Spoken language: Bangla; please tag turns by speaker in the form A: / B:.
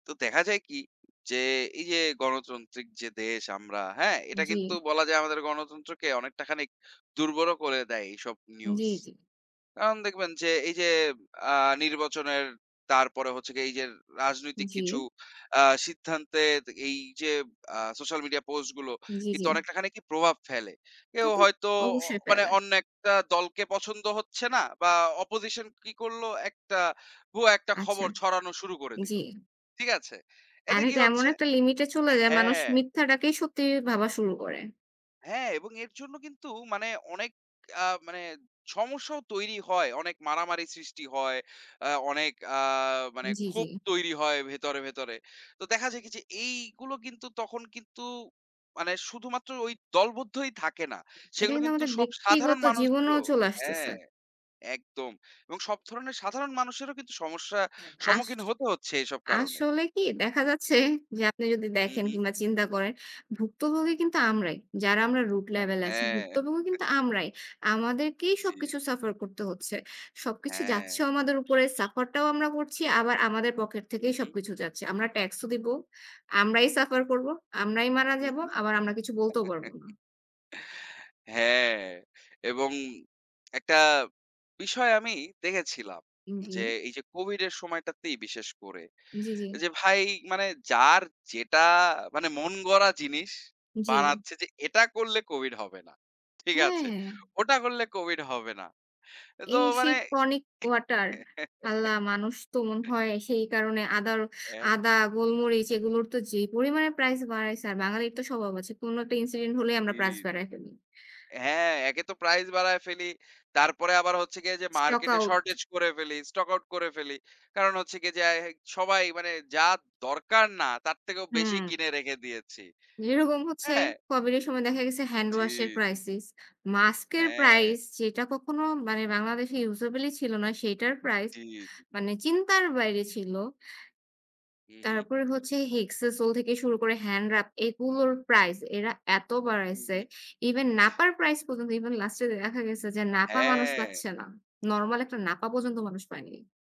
A: তো দেখা যায় কি? যে এই যে গণতান্ত্রিক যে দেশ আমরা হ্যাঁ? এটা
B: জ্বী।
A: কিন্তু বলা যায় আমাদের গণতন্ত্রকে অনেকটা খানিক দুর্বলও করে দেয় এইসব নিউজ।
B: জ্বী, জ্বী।
A: কারণ দেখবেন যে এই যে আ নির্বাচনের তারপরে হচ্ছে গে এই যে রাজনৈতিক কিছু
B: জি।
A: আ সিদ্ধান্তের এই যে আ সোশ্যাল মিডিয়া পোস্ট গুলো,
B: জ্বী,
A: কিন্তু
B: জ্বী।
A: অনেকটা খানিকই প্রভাব ফেলে।
B: তা
A: কেউ
B: তো
A: হয়তো অ
B: অবশ্যই
A: মানে
B: পেলায়
A: অন্য একটা দলকে পছন্দ হচ্ছে না বা opposition কি করলো? একটা ভুয়া একটা
B: আচ্ছা
A: খবর ছড়ানো শুরু করে
B: জ্বী।
A: দিল, ঠিক আছে? এতে
B: আর
A: কি
B: এটা এমন
A: হচ্ছে
B: একটা লিমিট এ চলে যায় মানুষ
A: হ্যাঁ।
B: মিথ্যাটাকেই সত্যি ভাবা শুরু করে।
A: হ্যাঁ, এবং এর জন্য কিন্তু মানে অনেক আ মানে সমস্যাও তৈরি হয়। অনেক মারামারি সৃষ্টি হয়, অ্যা অনেক আ মানে
B: জ্বী, জ্বী।
A: ক্ষোভ তৈরি হয় ভেতরে, ভেতরে। তো দেখা যায় কি যে এইগুলো কিন্তু তখন কিন্তু মানে শুধুমাত্র ওই দলবদ্ধই থাকে না।
B: এটা
A: সেগুলো
B: কিন্তু
A: কিন্তু
B: আমাদের
A: সব সাধারণ
B: ব্যক্তিগত জীবনেও
A: মানুষদেরও
B: চলে আসতেছে।
A: হ্যাঁ একদম। এবং সব ধরণের সাধারণ মানুষেরও কিন্তু সমস্যা
B: আস
A: সম্মুখীন হতে হচ্ছে এসব কারণে।
B: আসলে কি দেখা যাচ্ছে যে আপনি যদি
A: হু,
B: দেখেন
A: হু।
B: কিংবা চিন্তা করেন, ভুক্তভোগী কিন্তু আমরাই। যারা আমরা root
A: হ্যাঁ,
B: level এ আছি,
A: হ্যাঁ।
B: ভুক্তভোগী কিন্তু আমরাই। আমাদেরকেই
A: জি, জি।
B: সবকিছু suffer করতে হচ্ছে। সবকিছু
A: হ্যাঁ।
B: যাচ্ছেও আমাদের উপরে, suffer টাও আমরা করছি, আবার আমাদের পকেট
A: হু,
B: থেকেই
A: হু।
B: সবকিছু যাচ্ছে। আমরা ট্যাক্স ও দিবো, আমরাই suffer করব, আমরাই মারা
A: হু,
B: যাব,
A: হু।
B: আবার আমরা কিছু বলতেও পারব না।
A: হ্যাঁ, এবং একটা বিষয় আমি দেখেছিলাম যে
B: জি।
A: এই যে COVID এর সময়টাতেই বিশেষ করে।
B: জ্বী, জ্বী।
A: এ যে ভাই মানে যার যেটা মানে মন গড়া জিনিস
B: জ্বী।
A: বানাচ্ছে, যে এটা করলে COVID হবে না, ঠিক
B: হ্যাঁ,
A: আছে?
B: হ্যাঁ।
A: ওটা করলে COVID হবে না। তো
B: এই সেই
A: মানে
B: টনিক ওয়াটার? আল্লাহ, মানুষ তো মনে হয় সেই কারণে আদার
A: অ্যা
B: আদা, গোলমরিচ এগুলোর তো যেই পরিমাণে প্রাইস বাড়ায়ছে। আর বাঙালির তো স্বভাব আছে। কোন একটা incident হলেই আমরা
A: জ্বী,
B: প্রাইস
A: জ্বী।
B: বাড়ায়ে ফেলি।
A: হ্যাঁ, একে তো প্রাইস বাড়ায় ফেলি। তারপরে আবার হচ্ছে গিয়ে এইযে
B: stock
A: মার্কেট এ
B: out
A: শর্টেজ করে ফেলি, স্টক আউট করে ফেলি। কারণ হচ্ছে গিয়ে যা অ্যা সবাই মানে যা দরকার না তার থেকেও বেশি
B: হুম।
A: কিনে রেখে দিয়েছি।
B: যেরকম হচ্ছে,
A: হ্যাঁ।
B: COVID এর সময় দেখা গেছে হ্যান্ড
A: জি,
B: ওয়াশ এর
A: জি।
B: crisis মাস্ক এর
A: হ্যাঁ।
B: প্রাইস যেটা কখনো মানে বাংলাদেশে usable ই ছিল না সেইটার প্রাইস,
A: জ্বী, জ্বী।
B: মানে চিন্তার বাইরে ছিল।
A: হু, হু।
B: তারপরে হচ্ছে হেক্সাসোল থেকে শুরু করে হ্যান্ড রাব এগুলোর প্রাইস, এরা এত
A: হু,
B: বাড়াইছে!
A: হু।
B: ইভেন নাপার প্রাইস পর্যন্ত ইভেন লাস্ট এ দেখা গেছে যে নাপা মানুষ
A: হ্যাঁ।
B: পাচ্ছে না। নরমাল একটা নাপা পর্যন্ত মানুষ পায়নি।